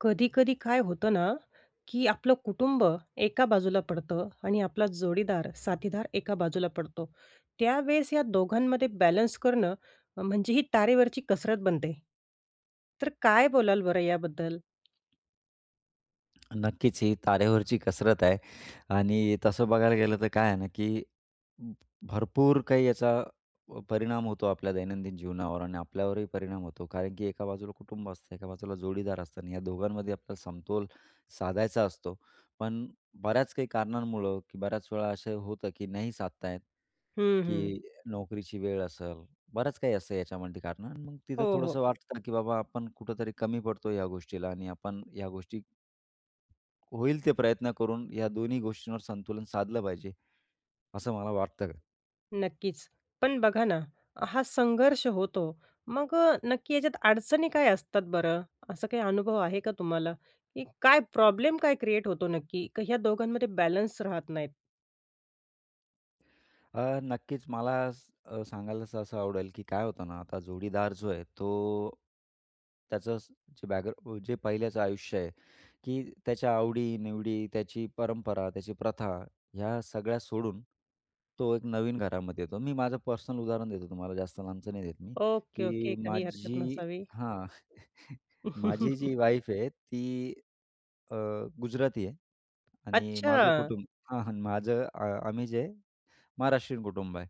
कधी-कधी काय होतं ना की आपलं कुटुंब एका बाजूला पडतं आणि आपला जोडीदार, साथीदार एका बाजूला पडतो. त्यावेळेस या दोघांमधे बॅलन्स करणं, म्हणजे ही तारेवरची कसरत बनते. तर काय बोलाल बरं याबद्दल? नक्कीच. ही तारेवरची कसरत आहे आणि तसं बघायला गेलं तर काय आहे ना? की भरपूर काही याचा प परिणाम होतो आपल्या दैनंदिन जीवनावर आणि आपल्यावरही परिणाम होतो. कारण की एका बाजूला कुटुंब असतं, एका बाजूला जोडीदार असतं आणि या दोघांमध्ये आपल्याला समतोल साधायचा असतो. पण बऱ्याच काही कारणांमुळं की बऱ्याच वेळा असं होतं की नाही साधता येत, हं, हं. की नोकरीची वेळ असेल बरंच काही असतं याच्यामध्ये कारण मग तिथं हो, हो. थोडंसं वाटतं ना की बाबा आपण कुठेतरी कमी पडतो ह्या गोष्टीला आणि आपण ह्या गोष्टी होईल ते प्रयत्न करून या दोन्ही गोष्टींवर संतुलन साधलं पाहिजे. असं मला वाटतं का नक्कीच. पण बघा ना. हा संघर्ष होतो मग अ, नक्की याच्यात अडचणी काय असतात बरं? असा काही अनुभव आहे का तुम्हाला, की काय प्रॉब्लेम काय क्रिएट होतो नक्की की ह्या दोघांमध्ये बॅलेन्स राहत नाहीत? अ, नक्कीच मला स अ, सांगायला सहसा आवडेल, की काय होतं ना? आता जोडीदार जो आहे तो त्याचं असं जे बॅग जे पहिल्याचं आयुष्य आहे, की त्याच्या आवडी-निवडी, त्याची परंपरा, त्याची प्रथा ह्या सगळ्या सोडून तो एक नवीन घरामध्ये येतो. मी माझं पर्सनल उदाहरण देतो तुम्हाला, जास्त लांबच नाही देत मी. Okay, okay. की काही हरकत माझी नसावी. हां. माझी जी वाईफ आहे ती अ, गुजराती आहे आणि माझं अच्छा! कुटुंब हां, हां. माझं अ, अ, आम्ही जे महाराष्ट्रीयन कुटुंब आहे.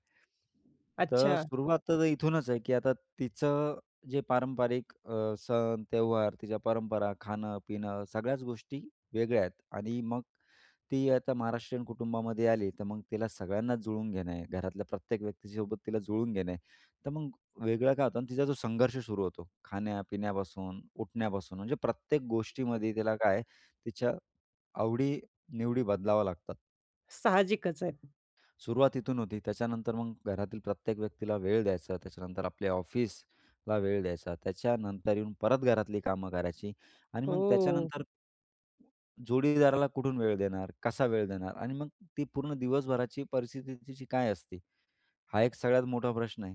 तर अच्छा. सुरुवात तर आता इथूनच आहे, की आता तिचं जे पारंपरिक अ, सण, त्यौहार, तिच्या परंपरा, खाणं-पिणं सगळ्याच गोष्टी वेगळ्या आहेत. आणि मग ती आता महाराष्ट्रीयन कुटुंबामध्ये आली तर मग तिला सगळ्यांनाच जुळवून घेणं आहे. घरातल्या प्रत्येक व्यक्तीच्यासोबत तिला जुळवून घेणं आहे. तर मग वेगळं काय होतं ना, तिचा जो संघर्ष सुरू होतो. खाण्या-पिण्यापासून उठण्यापासून म्हणजे प्रत्येक गोष्टीमध्ये तिला काय आहे, तिच्या आवडी-निवडी बदलावा लागतात. साहजिकच आहे. सुरुवात इथून होती. त्याच्यानंतर मग घरातील प्रत्येक व्यक्तीला वेळ द्यायचा. त्याच्यानंतर आपल्या ऑफिसला वेळ द्यायचा. त्याच्यानंतर येऊन परत घरातली कामं करायची आणि मग हो. त्याच्यानंतर जोडीदाराला कुठून वेळ देणार? कसा वेळ देणार? आणि मग ती पूर्ण दिवसभराची परिस्थिती तिची काय असते, हा एक सगळ्यात मोठा प्रश्न आहे.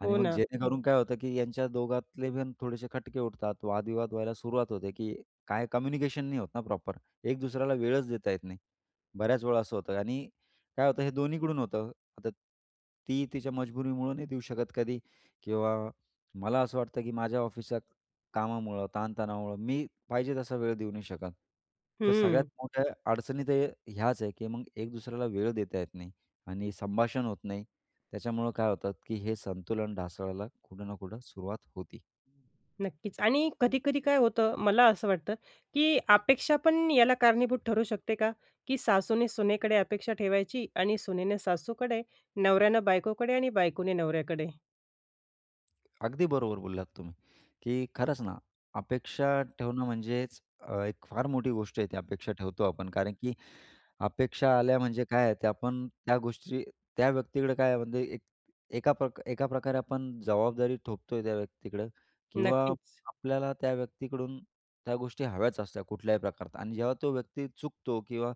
आणि हो मग ना. जेणेकरून काय होतं की यांच्या दोघातले पण थोडेसे खटके उठतात. वादविवाद व्हायला सुरुवात होते की काय कम्युनिकेशन नाही होतं ना प्रॉपर. एक दुसऱ्याला वेळच देता येत नाही. बऱ्याच वेळा असं होतं आणि काय होतं हे दोन्हीकडून होतं. आता ती तिच्या मजबुरीमुळे नाही देऊ शकत कधी किंवा मला असं वाटतं की माझ्या ऑफिसच्या कामामुळं ताण तणावामुळं मी पाहिजे तसा वेळ देऊ नाही शकत. तर सगळ्यात हं. मोठ्या अडचणी तर ह्याच आहे की मग एक दुसऱ्याला वेळ देता येत नाही आणि संभाषण होत नाही. त्याच्यामुळं काय होतं की हे संतुलन ढासळायला कुठं ना कुठं सुरुवात होती. नक्कीच. आणि कधी-कधी काय होतं मला असं वाटतं, की अपेक्षा पण याला कारणीभूत ठरू शकते का? की सासूने सुनेकडे अपेक्षा ठेवायची आणि सुनेने सासूकडे, नवऱ्यानं बायकोकडे आणि बायकोने नवऱ्याकडे? अगदी बरोबर बोललात तुम्ही. की खरंच ना अपेक्षा ठेवणं म्हणजेच अ, एक फार मोठी गोष्ट आहे ती अपेक्षा ठेवतो आपण कारण की अपेक्षा आल्या म्हणजे काय आहे? ते आपण त्या गोष्टी त्या व्यक्तीकडे काय आहे म्हणजे एक एकाप एकाप्रकारे आपण जबाबदारी थोपतोय त्या व्यक्तीकडं किंवा नक्कीच. आपल्याला त्या व्यक्तीकडून त्या गोष्टी हव्याच असत्या कुठल्याही प्रकारात आणि जेव्हा तो व्यक्ती चुकतो किंवा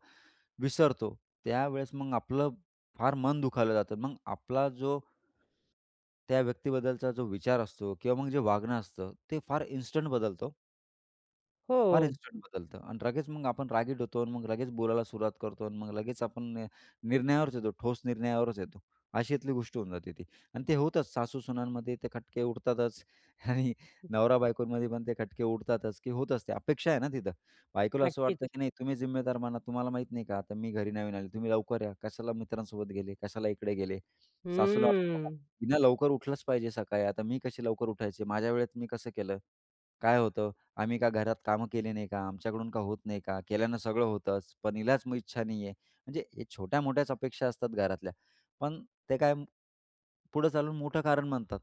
विसरतो, त्यावेळेस मग आपलं फार मन दुखावलं जातं. मग आपला जो त्या व्यक्तीबद्दलचा जो विचार असतो किंवा मग जे वागणं असतं ते फार इन्स्टंट बदलतं हो. फार हो. इन्स्टंट बदलतं आणि लगेच मग आपण रागीट होतो आणि मग लगेच बोलायला सुरुवात करतो आणि मग लगेच आपण नि निर्णयावरच येतो. ठोस निर्णयावरच येतो. अशातली गोष्ट होऊन जाते ती आणि ते होतच. सासू-सुनांमध्ये ते खटके उडतातच आणि नवरा-बायकोंमध्ये पण ते खटके उडतातच की होतच ते. अपेक्षा आहे ना तिथं. बायकोला असं नक्कीच. वाटतं की "नाही तुम्ही जिम्मेदार बना. तुम्हाला माहीत नाही का आता मी घरी नवीन आली. तुम्ही लवकर या. कशाला मित्रांसोबत गेले? कशाला इकडे गेले?" सासूला वाटतं, हम्म. "हिनं लवकर उठलंच पाहिजे सकाळी. आता मी कशी लवकर उठायचे. माझ्या वेळेत मी कसं केलं. काय होतं. आम्ही का घरात कामं केली नाही का. आमच्याकडून का होत नाही का? केल्यानं सगळं होतंच. पण हिलाच इच्छा नाहीये." म्हणजे या छोट्या-मोठ्याच अपेक्षा असतात घरातल्या, पण ते काय पुढे चालून मोठं कारण म्हणतात.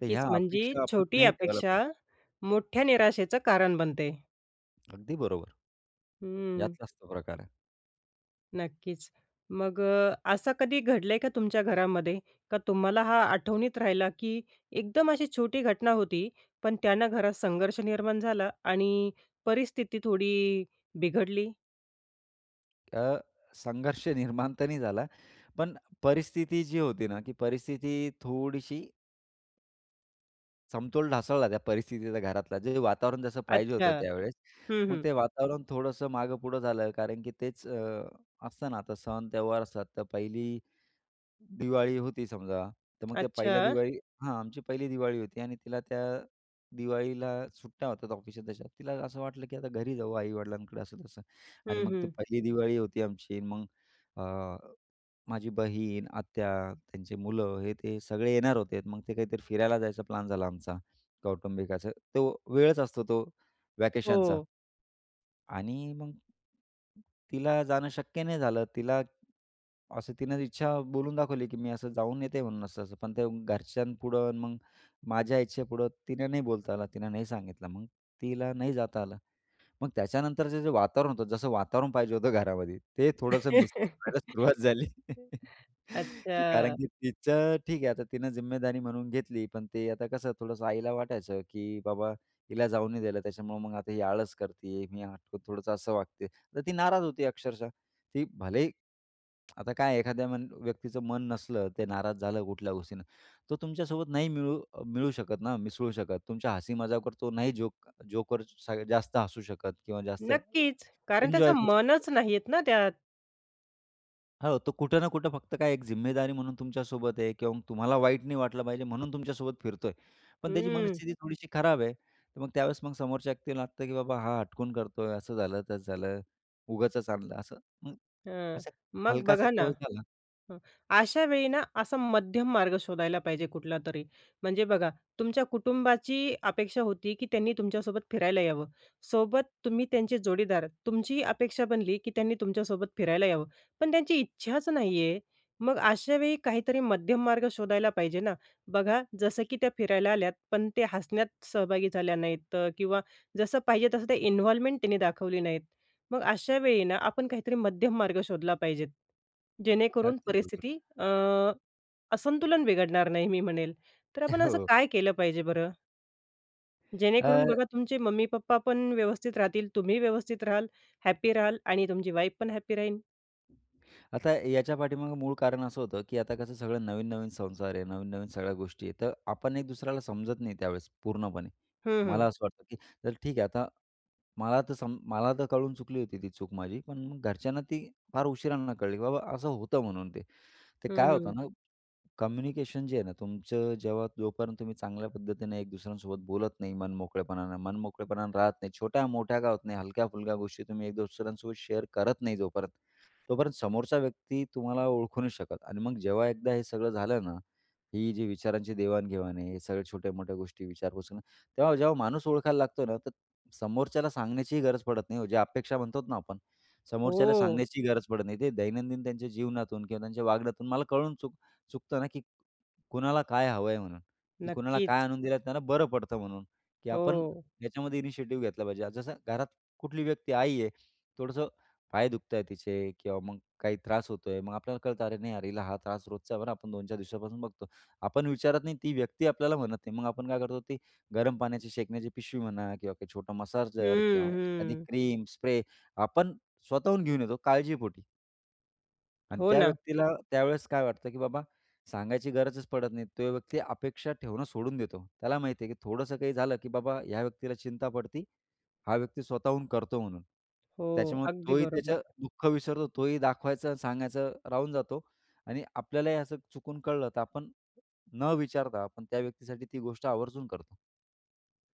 तर ह्या म्हणजे अपेक्षा आपण छोटी नाही ठेवायला अपेक्षा पाहिजे. मोठ्या निराशेचं कारण बनते. अगदी बरोबर. हं. यातलाच तो प्रकार आहे. नक्कीच. मग अ, असं कधी घडलंय का तुमच्या घरामध्ये, का तुम्हाला हा आठवणीत राहिला की एकदम अशी छोटी घटना होती. पण त्यानं घरात संघर्ष निर्माण झाला आणि परिस्थिती थोडी बिघडली? अ, संघर्ष निर्माण तर नाही झाला. पण परिस्थिती जी होती ना की परिस्थिती थोडीशी समतोल ढासळला त्या परिस्थितीचा घरातला. जे वातावरण जसं पाहिजे अच्छा. होतं त्यावेळेस. हं, मग हं. ते वातावरण थोडंसं मागं पुढं झालं कारण की तेच अ, असतं ना आता सण-त्यौहार असतात तर पहिली दिवाळी होती समजा, तर मग त्या पहिल्या अच्छा. दिवाळी हां. आमची पहिली दिवाळी होती आणि तिला त्या दिवाळीला सुट्ट्या होत्यात ऑफिसात तशा. तिला असं वाटलं, की आता घरी जाऊ आई-वडिलांकडे असं-तसं आणि हं, मग ती हं. पहिली दिवाळी होती आमची. मग अ, माझी बहीण, आत्या, त्यांची मुलं हे ते सगळे येणार होते. मग ते काहीतरी फिरायला जायचा प्लॅन झाला आमचा कौटुंबिक असं. तो वेळच असतो तो व्हॅकेशनचा. हो. आणि मग तिला जाणं शक्य नाही झालं. तिला असं तिनं इच्छा बोलून दाखवली की मी असं जाऊन येते म्हणून असं-असं, पण ते घरच्यांपुढं मग माझ्या इच्छेपुढं तिनं नाही बोलता आलं तिनं नाही सांगितलं मग, तिला नाही जाता आलं. मग त्याच्यानंतरचं जे वातावरण होतं जसं वातावरण पाहिजे होतं घरामध्ये ते थोडंसं मिस [unintelligible] व्हायला सुरुवात झाली. की कारण अच्छा. की तिचं ठीक आहे आता तिनं जिम्मेदारी म्हणून घेतली. पण ते आता कसं थोडंसं आईला वाटायचं, की "बाबा हिला जाऊ नाही द्यायला त्याच्यामुळं मग आता ही आळस करतीये. मी थोडंसं असं वागते" तर ती नाराज होती अक्षरशः. ती भलेही आता काय एखाद्या मन व्यक्तीचं मन नसलं ते नाराज झालं कुठल्या गोष्टीनं. तो तुमच्यासोबत नाही मिळू अ, मिळू शकत ना, मिसळू शकत. तुमच्या हसी-मजाकवर तो नाही जोक जोकर स जास्त हसू शकत किंवा जास्त ए नक्कीच. कारण एन्जॉय त्याचं करू शकतो. मनच नाहीयेत ना त्यात. हो, तो कुठं ना कुठं फक्त काय एक जिम्मेदारी म्हणून तुमच्यासोबत आहे किंवा मग तुम्हाला वाईट नाही वाटलं पाहिजे म्हणून तुमच्यासोबत फिरतोय. पण त्याची हं. मनस्थिती थोडीशी खराब आहे. तर मग त्यावेळेस मग समोरच्या व्यक्तीला लागतं की बाबा हा हटकून करतोय. असं झालं, तसं झालं, उगाचच आणलं असं. मग हां. असा मग हलकासा बघा तो ना एक झाला. हं. अशावेळी ना असा मध्यम मार्ग शोधायला पाहिजे कुठलातरी. म्हणजे बघा तुमच्या कुटुंबाची अपेक्षा होती, की त्यांनी तुमच्यासोबत फिरायला यावं. सोबत तुम्ही त्यांचे जोडीदार तुमची अपेक्षा बनली की त्यांनी तुमच्यासोबत फिरायला यावं. पण त्यांची इच्छाच नाही आहे, मग अशावेळी काहीतरी मध्यम मार्ग शोधायला पाहिजे ना? बघा जसं की त्या फिरायला आल्यात. पण ते हसण्यात सहभागी झाल्या नाहीत किंवा जसं पाहिजे तसं ते इन्व्हॉल्वमेंट त्यांनी दाखवली नाहीत. मग अशावेळी ना आपण काहीतरी मध्यम मार्ग शोधला पाहिजे. जेणेकरून अगदी बरोबर. परिस्थिती अ, असंतुलन बिघडणार नाही, मी म्हणेल. तर आपण असं हो. काय केलं पाहिजे बरं? जेणेकरून अ बघा तुमचे मम्मी-पप्पा पण व्यवस्थित राहतील तुम्ही व्यवस्थित राहाल. हॅपी राहाल. आणि तुमची वाईफ पण हॅपी राहील. आता याच्या पाठीमागं मूळ कारण असं होतं की आता कसं सगळं नवीन-नवीन संसार आहे. नवीन-नवीन सगळ्या गोष्टी आहे. तर आपण एक दुसऱ्याला समजत नाही, त्यावेळेस पूर्णपणे. हं, हं. मला असं वाटतं की तर ठीक आहे आता मला तर सम मला तर कळून चुकली होती ती चूक माझी. पण घरच्यांना ती फार उशिरांना कळली की बाबा असं होतं म्हणून ते. ते हं, काय हं. होतं ना कम्युनिकेशन जे आहे ना तुमचं जेव्हा जोपर्यंत तुम्ही चांगल्या पद्धतीनं एक दुसऱ्यांसोबत बोलत नाही, मन मोकळेपणानं मनमोकळेपणानं राहत नाही. छोट्या-मोठ्या का होत नाही. हलक्या-फुलक्या गोष्टी तुम्ही एक दुसऱ्यांसोबत शेअर करत नाही जोपर्यंत, तोपर्यंत समोरचा व्यक्ती तुम्हाला ओळखू नाही शकत. आणि मग जेव्हा एकदा हे सगळं झालं ना, ही जी विचारांची देवाणघेवाण आहे. हे सगळ्या छोट्या-मोठ्या गोष्टी विचारपूस आहे ना. तेव्हा जेव्हा माणूस ओळखायला लागतो ना तर समोरच्याला सांगण्याचीही गरज पडत नाही ओ, जे अपेक्षा म्हणतो ना आपण. समोरच्याला हो. सांगण्याची गरज पडत नाही ते दैनंदिन त्यांच्या जीवनातून किंवा त्यांच्या वागण्यातून मला कळून चुक चुकतं ना की कुणाला काय हवं आहे म्हणून? की कुणाला नक्कीच. काय आणून दिलं त्यांना बरं पडतं म्हणून, की आपण हो. याच्यामध्ये इनिशिएटिव्ह घेतला पाहिजे. जसं घरात कुठली व्यक्ती आई आहे, थोडंसं पाय दुखत आहेत तिचे किंवा मग काही त्रास होतोय. मग आपल्याला कळतं अरे नाही अरे, हा त्रास रोजचा बरं, आपण 2-4 दिवसापासून बघतो. आपण विचारत नाही. ती व्यक्ती आपल्याला म्हणत नाही. मग आपण काय करतो? ते गरम पाण्याची शेकण्याची पिशवी म्हणा किंवा काही छोटं मसाजर किंवा हम्म, एखादी हम्म. क्रीम, स्प्रे आपण स्वतःहून घेऊन येतो काळजीपोटी. आणि हो त्या ना. व्यक्तीला त्यावेळेस काय वाटतं की बाबा सांगायची गरजच पडत नाही. तो व्यक्ती अपेक्षा ठेवणं सोडून देतो. त्याला माहिती आहे की थोडंसं काही झालं की बाबा ह्या व्यक्तीला चिंता पडती, हा व्यक्ती स्वतःहून करतो म्हणून. हो, त्याच्यामुळं अगदी तोही बरोबर. त्याचं दुःख विसरतो तोही दाखवायचं अन सांगायचं राहून जातो आणि आपल्यालाही असं चुकून कळलं तर आपण न विचारता आपण त्या व्यक्तीसाठी ती गोष्ट आवर्जून करतो.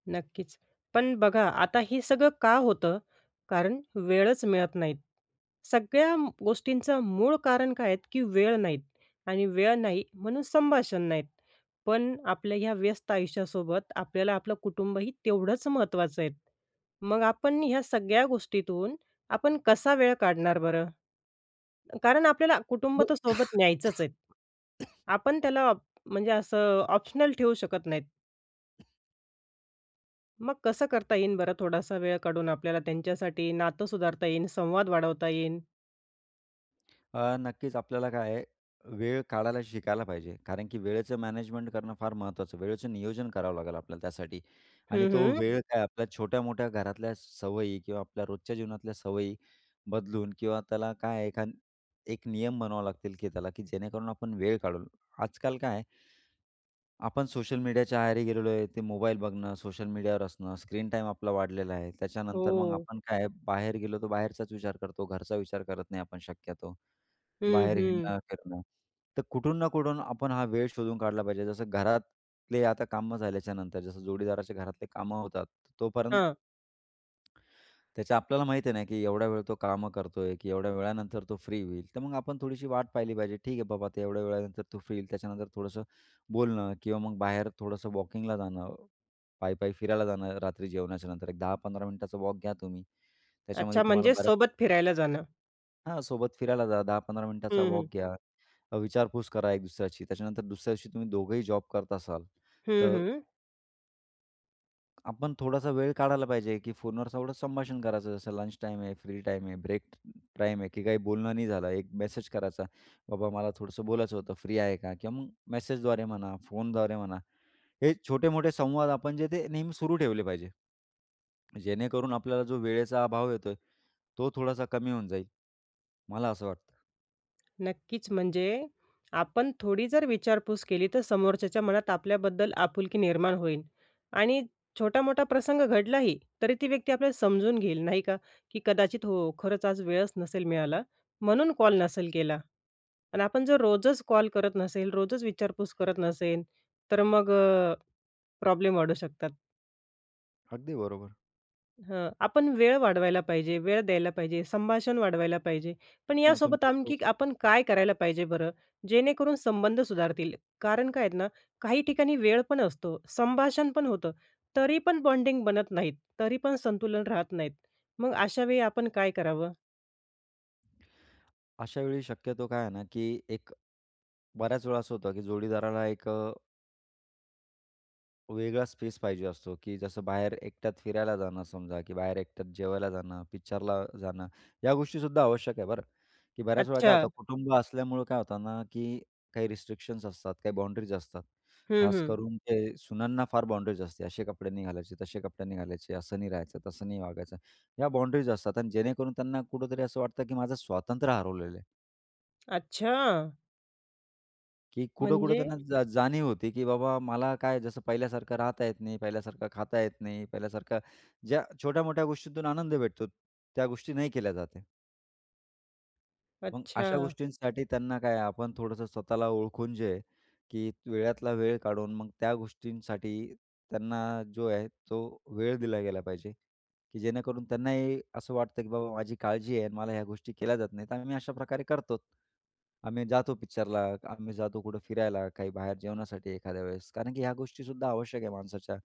नक्कीच. पण बघा, आता हे सगळं का होतं? कारण वेळच मिळत नाहीत. सगळ्या म गोष्टींचं मूळ कारण काय आहेत की वेळ नाहीत, आणि वेळ नाही म्हणून संभाषण नाहीत. पण आपल्या ह्या व्यस्त आयुष्यासोबत आपल्याला आपलं कुटुंबही तेवढंच महत्त्वाचं आहे. मग आपण ह्या सगळ्या गोष्टीतून आपण कसा वेळ काढणार बरं? कारण आपल्याला कुटुंब तर सोबत न्यायचंच आहे. आपण त्याला अप म्हणजे असं ऑप्शनल ठेवू शकत नाहीत. मग कसं करता येईन बरं थोडासा वेळ काढून आपल्याला त्यांच्यासाठी नातं सुधारता येईन, संवाद वाढवता येईन? अ, नक्कीच आपल्याला काय आहे अ, वेळ काढायला शिकायला पाहिजे. कारण की वेळेचं मॅनेजमेंट करणं फार महत्त्वाचं. वेळेचं नियोजन करावं लागेल आपल्याला त्यासाठी आणि हं, तो हं. वेळ काय आपल्या छोट्या-मोठ्या घरातल्या सवयी किंवा आपल्या रोजच्या जीवनातल्या सवयी बदलून किंवा त्याला काय आहे एखान एक नियम बनवावे लागतील की चला की जेणेकरून आपण वेळ काढून आजकाल काय आहे? आपण सोशल मीडियाच्या आहारी गेलेलो आहे. ते मोबाईल बघणं सोशल मीडियावर असणं, स्क्रीन टाईम आपला वाढलेला आहे. त्याच्यानंतर मग हो. आपण काय आहे? बाहेर गेलो तर बाहेरचाच विचार करतो घरचा विचार करत नाही आपण शक्यतो, हं, बाहेर हं. हिडणं, फिरणं. तर कुठून ना कुठून आपण हा वेळ शोधून काढला पाहिजे. जसं घरातले आता कामं झाल्याच्यानंतर जसं जोडीदाराच्या घरातले कामं होतात तोपर्यंत हां. त्याच्या आपल्याला माहीत आहे ना की एवढ्या वेळ तो कामं करतोय की एवढ्या वेळानंतर तो फ्री होईल, तर मग आपण थोडीशी वाट पाहिली पाहिजे. ठीक आहे बाबा ते एवढ्या वेळानंतर तो फ्री येईल त्याच्यानंतर थोडंसं, बोलणं किंवा मग बाहेर थोडंसं वॉकिंगला जाणं. पायी-पायी फिरायला जाणं रात्री जेवणाच्यानंतर. एक 10-15 मिनिटाचा वॉक घ्या तुम्ही त्याच्यामध्ये अच्छा, तुम्हाला म्हणजेच बऱ्याच सोबत फिरायला जाणं. हां, सोबत फिरायला जा, 10-15 मिनिटाचा हं, वॉक हं. घ्या, अ, विचारपूस करा एक दुसऱ्याची. त्याच्यानंतर दुसऱ्याशी तुम्ही दोघंही जॉब करत असाल हं, तर हं. आपण थोडासा वेळ काढायला पाहिजे की फोनवर सगळं संभाषण करायचं. जसं लंच टाईम आहे, फ्री टाईम आहे, ब्रेक टाईम आहे की काही बोलणं नाही झालं, एक मेसेज करायचा, "बाबा, मला थोडंसं बोलायचं होतं फ्री आहे का?" किंवा मग मेसेजद्वारे म्हणा, फोनद्वारे म्हणा. हे छोटे-मोठे संवाद आपण जे ते नेहमी सुरू ठेवले पाहिजे, जेणेकरून आपल्याला जो वेळेचा अभाव येतोय, तो थोडासा कमी होऊन जाईल. मला असं वाटतं. नक्कीच, म्हणजे आपण थोडी जर विचारपूस केली तर समोरच्याच्या मनात आपल्याबद्दल आपुलकी निर्माण होईल. आणि छोटा-मोठा प्रसंग घडलाही तरी ती व्यक्ती आपल्याला समजून घेईल, नाही का? की "कदाचित हो, खरंच आज वेळच नसेल मिळाला म्हणून कॉल नसेल केला." आणि आपण जर रोजच कॉल करत नसेल, रोजच विचारपूस करत नसेल, तर अ, मग अ, प्रॉब्लेम वाढू शकतात. अगदी बरोबर. हां. आपण वेळ वाढवायला पाहिजे. वेळ द्यायला पाहिजे. संभाषण वाढवायला पाहिजे. पण काय आहे ना यासोबत तुमच्याच जवळ आणखी आपण काय करायला पाहिजे बरं? जेणेकरून संबंध सुधारतील. कारण काय आहे ना, काही ठिकाणी वेळ पण असतो, संभाषण पण होतं. तरी पण बॉन्डिंग बनत नाहीत, तरी पण संतुलन राहत नाहीत, मग अशावेळी आपण काय करावं? अशावेळी शक्यतो काय आहे ना की एक बऱ्याचवेळा असं होतं की जोडीदारांना एक अ वेगळा स्पेस पाहिजे असतो की जसं बाहेर एकट्यात फिरायला जाणं समजा की बाहेर एकट्यात जेवायला जाणं, पिक्चरला जाणं या गोष्टीसुद्धा आवश्यक आहे बरं. की बऱ्याच वेळा काय अच्छा. होतं कुटुंब असल्यामुळं काय होतं ना की काही रिस्ट्रिक्शन्स असतात. काही बाउंडरीज असतात. हं, खास हं. करून ते सुनांना फार बाउंडरीज असते. असे कपडे नाही घालायचे, तसे कपडे नाही घालायचे, असं नाही राहायचं, तसं नाही वागायचं, या बाउंडरीज असतात आणि जेणेकरून त्यांना कुठेतरी असं वाटतं की माझं स्वातंत्र्य हरवलेलं आहे. अच्छा! की कुठं-कुठं म्हणजे? त्यांना जा जाणीव होती की बाबा मला काय जसं पहिल्यासारखं राहता येत नाही, पहिल्यासारखं खाता येत नाही, पहिल्यासारखं ज्या छोट्या-मोठ्या गोष्टीतून आनंद भेटतो त्या गोष्टी नाही केल्या जात आहे. मग अशा अच्छा. गोष्टींसाठी त्यांना काय आपण थोडंसं स्वतःला ओळखून जे आहे, की वेळातला वेळ काढून मग त्या गोष्टींसाठी त्यांना जो आहे तो वेळ दिल्या गेला पाहिजे. की जेणेकरून त्यांनाही असं वाटतं की बाबा माझी काळजी आहे आणि मला ह्या गोष्टी केल्या जात नाहीत. आम्ही अशाप्रकारे करतोच. आम्ही जातो पिक्चरला. आम्ही जातो कुठं फिरायला. काही बाहेर जेवणासाठी एखाद्या वेळेस. कारण की ह्या गोष्टीसुद्धा आवश्यक आहे माणसाच्या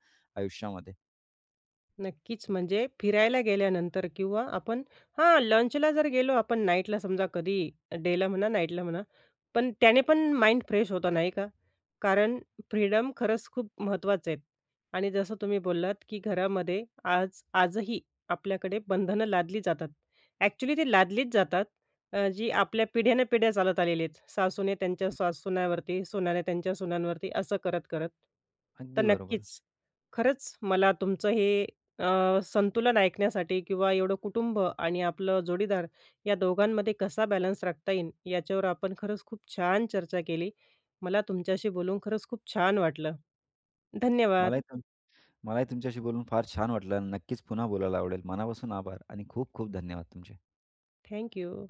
आयुष्यामध्ये. नक्कीच. म्हणजे फिरायला गेल्यानंतर किंवा आपण हां. लंचला जर गेलो आपण नाईटला समजा कधी डेला म्हणा, नाईटला म्हणा पण त्याने पण माइंड फ्रेश होतं, नाही का? कारण फ्रीडम खरंच खूप महत्त्वाचे आहेत. आणि जसं तुम्ही बोललात की घरामध्ये आज आजही आपल्याकडे बंधनं लादली जातात. अ‍ॅक्चुअली ते लादलीच जातात अ, जी आपल्या पिढ्यान-पिढ्या चालत आलेली आहेत. सासूने त्यांच्या सा सुन्यावरती सूनांनी त्यांच्या सुनांवरती असं करत-करत. तर अगदी बरोबर. नक्कीच. खरंच मला तुमचं हे अ, संतुलन ऐकण्यासाठी किंवा एवढं कुटुंब आणि आपलं जोडीदार या दोघांमध्ये कसा बॅलन्स राखता येईल याच्यावर आपण खरंच खूप छान चर्चा केली. मला तुमच्याशी बोलून खरंच खूप छान वाटलं. धन्यवाद! मलाही तुम मलाही तुमच्याशी बोलून फार छान वाटलं आणि नक्कीच पुन्हा बोलायला आवडेल. मनापासून आभार आणि खूप-खूप धन्यवाद! तुमचे. थँक्यू.